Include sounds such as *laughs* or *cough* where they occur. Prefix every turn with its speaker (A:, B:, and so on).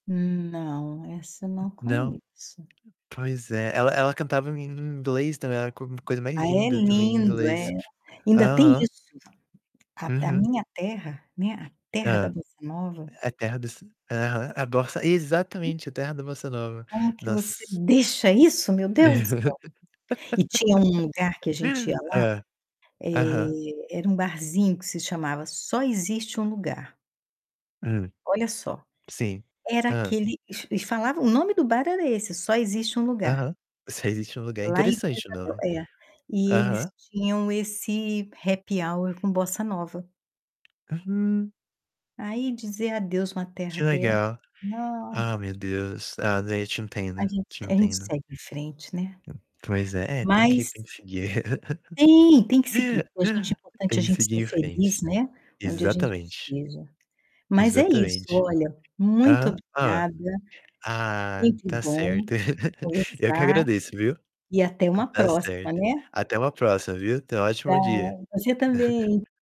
A: Hum, não, essa eu não
B: Não.
A: conheço.
B: Pois é, ela ela cantava em em inglês também, era a co coisa mais
A: Ah, é
B: linda também em
A: lindo,
B: inglês.
A: é. Ainda tem
B: Aham.
A: isso. A a
B: Uhum.
A: minha terra, né, a terra da
B: Hã.
A: bossa nova
B: A terra dos aham. A bossa
A: Hum.
B: exatamente, a terra da bossa nova.
A: Como que você
B: Nossa.
A: deixa isso, meu Deus do céu, e tinha um lugar que
B: *laughs*
A: a gente ia lá,
B: Hã. Aham.
A: eh, era um barzinho que se chamava Só Existe Um Lugar.
B: Hum.
A: Olha só,
B: Sim.
A: era
B: Hã.
A: aquele eles eles falavam o nome do bar era esse: Só Existe Um Lugar.
B: Aham. Só Existe Um Lugar,
A: Lá em Vila
B: interessante o
A: Isabel,
B: nome.
A: é. E eles
B: Aham.
A: tinham esse happy hour com bossa nova.
B: Hum.
A: Aí, dizer adeus uma terra
B: Que
A: dessa
B: legal.
A: não.
B: Ah, meu Deus! Ah, de eu te
A: A
B: entendo,
A: gente
B: te
A: se a gente
B: entendo.
A: segue em frente, né.
B: Hum. Pois é, é tem que
A: Mas
B: tem que seguir.
A: Tem, tem que seguir. Pra gente é
B: *laughs*
A: importante a
B: Tem que
A: gente ser
B: seguir em frente.
A: feliz, né, onde a gente
B: Exatamente.
A: esteja. Mas é isso,
B: Exatamente.
A: olha, muito
B: Aham. Hã.
A: obrigada, é
B: Ah,
A: sempre
B: tá
A: bom
B: certo. *chuckles* Eu que
A: conversar
B: agradeço, viu?
A: e até
B: Hã,
A: uma
B: tá
A: próxima,
B: certo.
A: né.
B: Até uma próxima, viu? Tenha um
A: Pra
B: ótimo dia.
A: você também.
B: *chuckles*